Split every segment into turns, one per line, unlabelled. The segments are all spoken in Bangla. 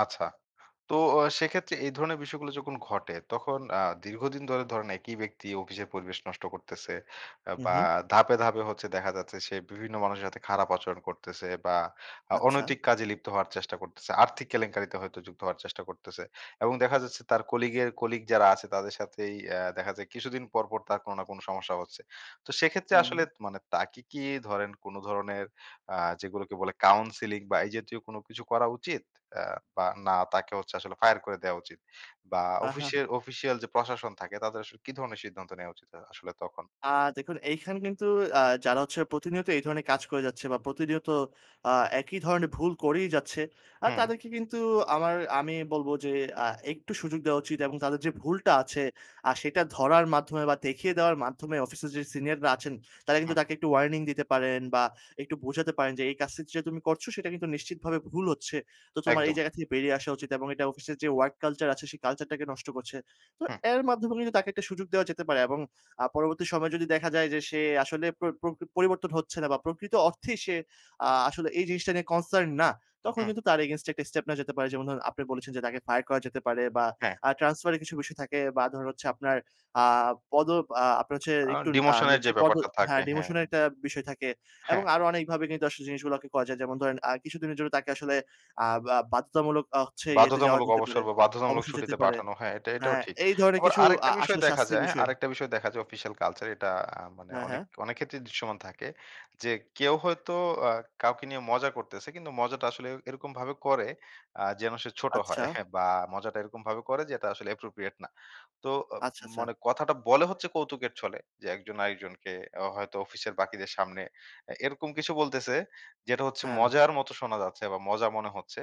আচ্ছা। তো ও সেক্ষেত্রে এই ধরনের বিষয়গুলো যখন ঘটে তখন আ দীর্ঘদিন ধরে ধরেন একই ব্যক্তি অফিসের পরিবেশ নষ্ট করতেছে। আ
হু,
বা
হু।
ধাপে ধাপে হচ্ছে দেখা যাচ্ছে সে বিভিন্ন মানুষের সাথে খারাপ আচরণ করতেছে বা আ
আচ্ছা।
অনৈতিক কাজে লিপ্ত হওয়ার চেষ্টা করতেছে। আর্থিক কেলেঙ্কারিতে হয়তো যুক্ত হওয়ার চেষ্টা করতেছে। এবং দেখা যাচ্ছে তার কলিগের কলিগ যারা আছে তাদের সাথেই অ্যা দেখা যায় কিছুদিন পর, পর তার কোন না কোন সমস্যা হচ্ছে। তো সেক্ষেত্রে
হুম,
আসলে
হুম।
মানে তাকে কি ধরেন কোন ধরনের আ যেগুলোকে বলে কাউন্সেলিং বা এই জাতীয় কোন কিছু করা উচিত? অ্যা বা না তাকে হচ্ছে আসলে ফায়ার করে দেওয়া উচিত? বা
আহা, হা।
অফিসের অফিশিয়াল যে প্রশাসন থাকে তাদের আসলে কি ধরনের সিদ্ধান্ত নেওয়া উচিত আ আসলে তখন?
আ দেখুন এইখানে কিন্তু আ যারা হচ্ছে প্রতিনিয়ত এই ধরনের কাজ করে যাচ্ছে বা প্রতিনিয়ত আ একই ধরনের ভুল করেই যাচ্ছে। আ
হুম।
তাদেরকে কিন্তু আমার আমি বলবো যে, আ একটু সুযোগ দেওয়া উচিত এবং তাদের যে ভুলটা আছে আ সেটা ধরার মাধ্যমে বা দেখিয়ে দেওয়ার মাধ্যমে অফিসের যে সিনিয়ররা আছেন তারা কিন্তু
হুম।
তাকে একটু ওয়ার্নিং দিতে পারেন বা একটু বোঝাতে পারেন যে, এই কাজটা যেটা তুমি করছো সেটা কিন্তু নিশ্চিতভাবে ভুল হচ্ছে। তো তোমার এই
একদম।
জায়গা থেকে বেরিয়ে আসা উচিত এবং এটা অফিসের যে ওয়ার্ক কালচার আছে সেই কালচারটাকে নষ্ট করছে। তো
হুম।
এর মাধ্যমে কিন্তু তাকে একটা সুযোগ দেওয়া যেতে পারে এবং আ পরবর্তী সময়ে যদি দেখা যায় যে সে আসলে পর প্রকৃ পরিবর্তন হচ্ছে না বা প্রকৃত অর্থেই সে আ আসলে এই জিনিসটা নিয়ে কনসার্ন না। তখন
হুম।
কিন্তু তার এগেইনস্টে একটা স্টেপ নেওয়া যেতে পারে। যেমন ধরুন আপনি বলেছেন যে তাকে ফায়ার করা যেতে পারে বা
হ্যাঁ।
আ ট্রান্সফার এর কিছু বিষয় থাকে বা ধরেন হচ্ছে আপনার আ পদোব আ আপনার হচ্ছে
আ
একটু আ
ডিমোশনের যে
নিচের পদো
ব্যাপারটা থাকে,
হ্যাঁ,
হ্যাঁ।
ডিমোশনের একটা বিষয় থাকে। এবং
হ্যাঁ।
আরো অনেকভাবে কিন্তু আসলে জিনিসগুলাকে করা যায়। যেমন ধরেন আ কিছুদিনের জন্য তাকে আসলে আব আ বাধ্যতামূলক আ হচ্ছে ইয়েতে যাওয়া
বাধ্যতামূলক
যেতে
অবসর
পারে,
বা বাধ্যতামূলক
অবসরে যেতে
ছুটিতে
পারে।
পাঠানো হ্যাঁ, এটা এটাও
হ্যাঁ,
ঠিক।
এই ধরনের
আবার
কিছু আ
আরেকটা বিষয়
আসল
দেখা
শাস্তির
যায়
বিষয়।
আরেকটা বিষয় দেখা যায় অফিসিয়াল কালচার এটা আ মানে
হ্যাঁ,
অনেক,
হ্যাঁ।
অনেক ক্ষেত্রেই দৃশ্যমান থাকে। যে কেউ হয়তো আ কাউকে নিয়ে মজা করতেছে কিন্তু মজাটা আসলে এরকমভাবে করে আ যেন সে ছোট হয়।
আচ্ছা।
হ্যাঁ, বা মজাটা এরকমভাবে করে যে, এটা আসলে অ্যাপ্রোপ্রিয়েট না। তো ও
আচ্ছা, আচ্ছা।
মানে কথাটা বলে হচ্ছে কৌতুকের ছলে। যে একজন আরেকজনকে আ হয়তো অফিসের বাকিদের সামনে এ এরকম কিছু বলতেছে, যেটা হচ্ছে
হ্যাঁ।
মজার মত শোনা যাচ্ছে বা মজা মনে হচ্ছে।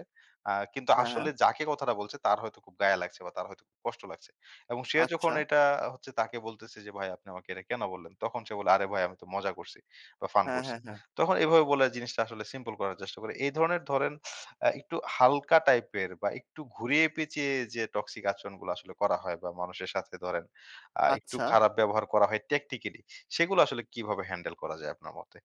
আ কিন্তু
হ্যাঁ,
আসলে
হ্যাঁ।
যাকে কথাটা বলছে তার হয়তো খুব গায়ে লাগছে বা তার হয়তো কষ্ট লাগছে। এবং সে যখন
আচ্ছা।
এটা হচ্ছে তাকে বলতেছে যে, ভাই আপনি আমাকে এটা কেন বললেন? তখন সে বলে আরে ভাই আমি তো মজা করছি বা ফান
হ্যাঁ, হ্যাঁ,
করছি।
হ্যাঁ।
তখন এভাবে বলে জিনিসটা আসলে সিম্পল করার চেষ্টা করে। এ ধরনের ধরেন আ একটু হালকা টাইপের বা একটু ঘুরিয়ে পেঁচিয়ে যে টক্সিক আচরনগুলা আসলে করা হয় বা মানুষের সাথে ধরেন আ একটু
আচ্ছা।
খারাপ ব্যবহার করা হয় টেকনিক্যালি। সেগুলো আসলে কিভাবে হ্যান্ডেল করা যায় আপনার মতে?